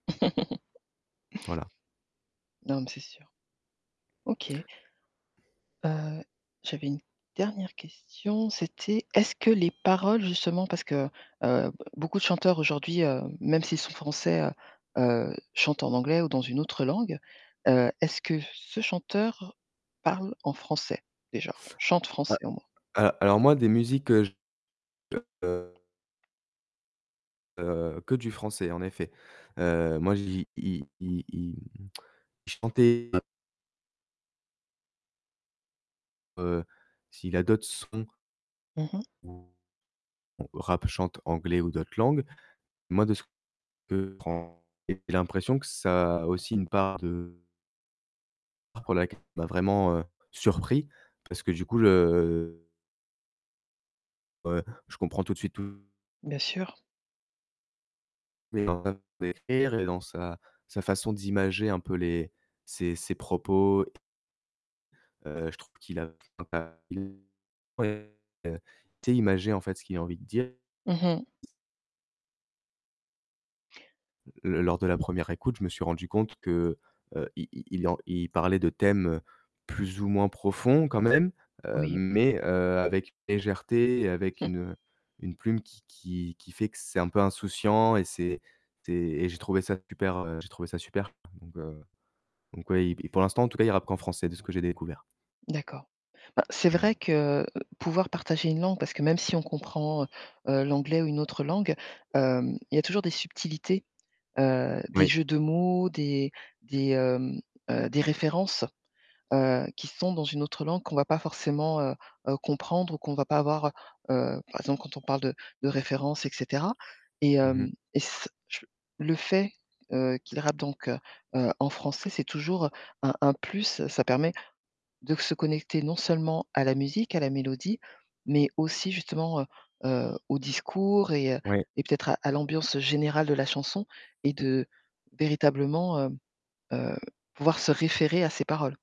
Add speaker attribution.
Speaker 1: Voilà.
Speaker 2: Non mais, c'est sûr. OK. Heu, j'avais une dernière question, c'était, est-ce que les paroles justement parce que, heu, beaucoup de chanteurs aujourd'hui, heu, même s'ils sont français, heu heu, chantent en anglais ou dans une autre langue, heu, est-ce que ce chanteur parle en français, déjà? Chante français, au moins?
Speaker 1: A alors moi des musiques que je de Heu, que du français, en effet. Heu, moi, je l'i il il, hem, il chantait Heu, s'il a d'autres sons
Speaker 2: Mmh mh.
Speaker 1: ou ou rappe, chante, anglais ou d'autres langues. Moi de ce que [unintelligible] et j'ai l'impression que ça a aussi une part de [unintelligible] m'a vraiment, heu, surpris parce que du coup le Ouais, je comprends tout de suite, tout
Speaker 2: Bien sûr.
Speaker 1: Mais [unintelligible] et dans sa sa façon d'imager un peu les ses ses propos heu, je trouve qu'il a [unintelligible] ouais et il sait imager en fait, ce qu'il a envie de dire.
Speaker 2: Mmh mh.
Speaker 1: L lors de la 1re écoute, je me suis rendu compte que, heu, il il il parlait de thèmes, plus ou moins profonds quand même. Heu,
Speaker 2: Oui.
Speaker 1: mais, heu, avec légèreté et avec une heu, une plume qui qui qui fait que c'est un peu insouciant et c'est c'est et j'ai trouvé ça super, heu, j'ai trouvé ça super. Donc heu, donc ouais, pour l'instant en tout cas, il rappe qu'en français, de ce que j'ai découvert.
Speaker 2: D'accord. Bah c'est
Speaker 1: Mmh.
Speaker 2: vrai que, heu, pouvoir partager une langue parce que même si on comprend, heu heu, l'anglais ou une autre langue, heu, il y a toujours des subtilités, heu, des
Speaker 1: Oui.
Speaker 2: jeux de mots, des des, heu heu, des références, heu, qui sont dans une autre langue qu'on va pas forcément, heu heu, comprendre ou qu'on va pas avoir, heu, par exemple, quand on parle de de référence et cetera et
Speaker 1: Mmh mh.
Speaker 2: hem, et c je le fait, heu, qu'il rappe donc heu heu, en français c'est toujours, heu, un un plus, ça permet de se connecter non seulement à la musique, à la mélodie, mais aussi justement, heu heu, au discours et heu
Speaker 1: Oui.
Speaker 2: et peut-être à à l'ambiance générale de la chanson et
Speaker 1: Mmh.
Speaker 2: de véritablement, heu heu, pouvoir se référer à ses paroles.